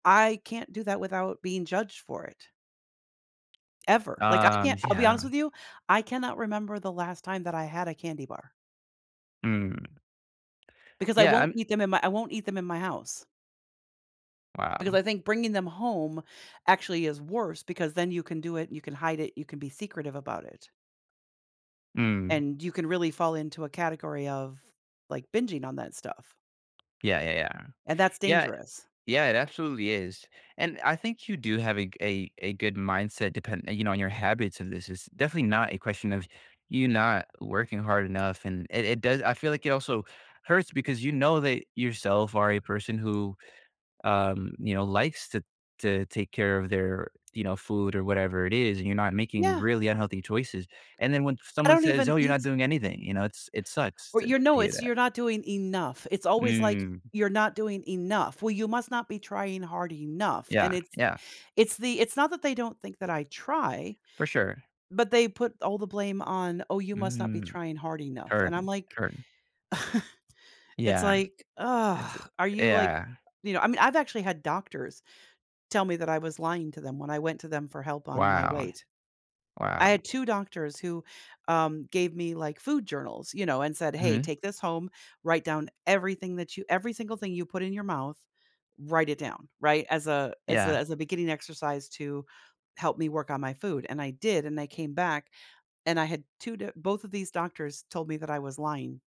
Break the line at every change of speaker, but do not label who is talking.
I can't do that without being judged for it. Ever. Like, I
Um,
can't
sh
I'll be
yeah.
honest with you. I cannot remember the last time that I had a candy bar.
Mm.
Because I
Yeah,
won't
I'm
eat them in my I won't eat them in my house. Because
Wow.
I think bringing them home actually is worse because then you can do it and you can hide it, you can be secretive about it.
Mm.
And you can really fall into a category of, like, binging on that stuff.
Yeah, yeah, yeah.
And that's
Yeah
dangerous.
Yeah, it absolutely is, and I think you do have a g a a good mindset depend you know, on your habits this is definitely not a question of you not working hard enough, and it it does I feel like it also hurts because you know that yourself are a person who, um, you know, um, likes to to take care of their, you know, food or whatever it is, and you're not making
Yeah.
really unhealthy choices, and then when
I
someone
don't
says,
even
"Oh, you're not
eat
doing anything," you know, it's it sucks
Or,
to
your know
hear
it's
that.
"You're not doing enough." It's always like,
Mm.
"You're not doing enough. Well, you must not be trying hard enough", and
Yeah,
it's
yeah.
it's the it's not that they don't think that I try,
For sure.
but they put all the blame on, "Oh, you must not be
Mhm.
trying hard enough," and I'm
Heard.
like,
Heard.
It's
Yeah.
like,
It's a
ugh, "Are you like"
yeah, yeah.
you know, I mean, I've actually had doctors tell me that I was lying to them when I went to them for help on my
Wow.
weight. I
Wow.
had 2 doctors who, um, gave me, like, food journals, you know, and said, "Hey.
Mhm.
Take this home. Write down everything that you every single thing you put in your mouth. Write it down," right? As a as a
Yeah.
as a beginning exercise to help me work on my food, and I did, and I came back and I had 2 d both of these doctors told me that I was lying.